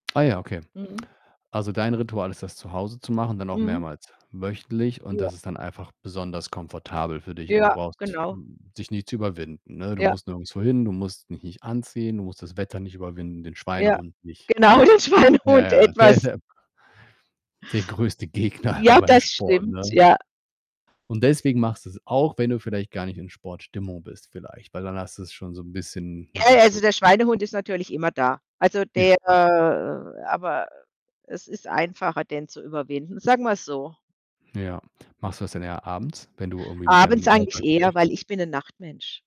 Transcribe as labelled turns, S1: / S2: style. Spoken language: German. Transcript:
S1: Ah ja, okay.
S2: Mhm.
S1: Also, dein Ritual ist das zu Hause zu machen, dann auch
S2: Mhm.
S1: mehrmals wöchentlich und
S2: Ja.
S1: das ist dann einfach besonders komfortabel für dich und du
S2: Ja,
S1: brauchst,
S2: genau.
S1: hm, dich nicht zu überwinden, ne? Du
S2: Ja.
S1: musst nirgendswo hin, du musst dich nicht anziehen, du musst das Wetter nicht überwinden, den
S2: Ja,
S1: Schweinehund nicht.
S2: genau, den
S1: Ja,
S2: Schweinehund
S1: ja, der ist
S2: etwas
S1: ja der größte Gegner immer
S2: Ja,
S1: beim
S2: das
S1: Sport,
S2: stimmt,
S1: ne?
S2: ja.
S1: Und deswegen machst du's auch, wenn du vielleicht gar nicht in Sportstimmung bist vielleicht, weil dann hast du's schon so 'n bisschen
S2: Ja,
S1: ja,
S2: ja, also,
S1: so
S2: der Schweinehund ist natürlich immer da. Also,
S1: Ja.
S2: der
S1: Klar.
S2: aber es ist einfacher, den zu überwinden. Sagen wir's so.
S1: Ja. Machst du das denn eher abends, wenn du irgendwie mit
S2: Abends
S1: deinem
S2: eigentlich
S1: Alltag
S2: eher,
S1: durch
S2: weil ich bin 'nen Nachtmensch.